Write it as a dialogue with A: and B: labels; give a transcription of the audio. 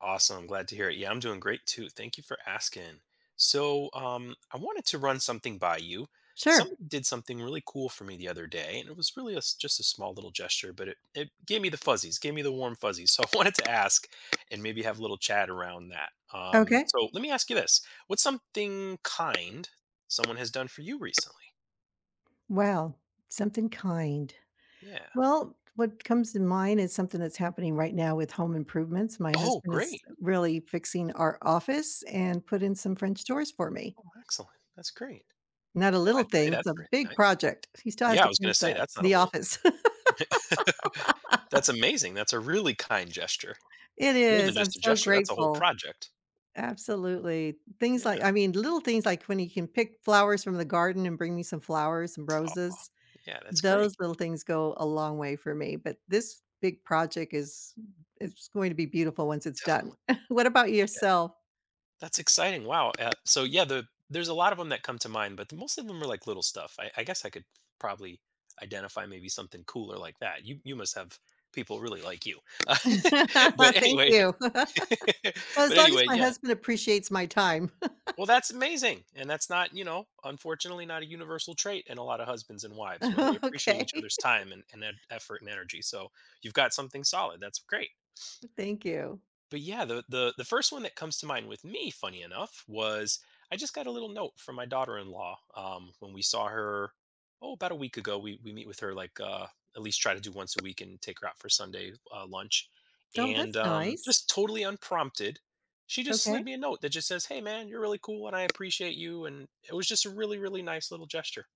A: Awesome, glad to hear it. Yeah, I'm doing great too, thank you for asking. So, um, I wanted to run something by you.
B: Sure.
A: Someone did something really cool for me the other day, and it was really a just a small little gesture, but it it gave me the fuzzies, gave me the warm fuzzies. So, I wanted to ask, and maybe have a little chat around that. Um,
B: Okay.
A: so, let me ask you this, what's something kind someone has done for you recently?
B: Well, something kind?
A: Yeah.
B: Well, what comes to mind is something that's happening right now with home improvements, my
A: Oh,
B: husband is,
A: great.
B: uh, really fixing our office and put in some French doors for me.
A: Oh, excellent, that's great.
B: Not a
A: Well,
B: little
A: I'd say
B: thing, it's
A: that's
B: a
A: really
B: big
A: nice.
B: project. He still has
A: Yeah, I
B: to
A: was gonna
B: paint
A: say
B: the
A: that's not a
B: the
A: little thing.
B: office.
A: That's amazing, that's a really kind gesture,
B: It
A: more than
B: is, I'm
A: just a
B: so
A: gesture, that's a whole
B: grateful.
A: project.
B: Absolutely. Things
A: Yeah.
B: like I mean, the little things, like, when he can pick flowers from the garden and bring me some flowers and
A: Aw,
B: roses,
A: yeah, that's great.
B: those little things go a long way for me, but this big project is m it's going to be beautiful once it's done.
A: Definitely. Yeah.
B: What about yourself?
A: That's exciting, wow, uh, so yeah, the there's a lot of 'em that come to mind, but the most of them are like little stuff. I I guess I could probably identify maybe something cooler like that. You you must have people really like you. But
B: Thank
A: anyway
B: you. Well, as
A: But
B: long as
A: anyway,
B: my
A: yeah
B: husband appreciates my time.
A: Well, that's amazing, and that's not you know, unfortunately not a universal trait in a lotta husbands and wives, where they
B: Oh,
A: appreciate each
B: okay.
A: other's time and can add effort and energy. So, you've got something solid, that's great.
B: Thank you.
A: But yeah, the the the first one that comes to mind with me, funny enough, was, I just got a little note from my daughter-in-law, um, when we saw her, oh, about a week ago, we we meet with her like, uh, at least try to do once a week and take her out for Sunday, uh, lunch.
B: Oh,
A: And,
B: that's
A: um,
B: nice.
A: just totally unprompted, she just slid
B: Okay.
A: me a note that just says, "Hey, man, you're really cool and I appreciate you," and it was just a really, really nice little gesture.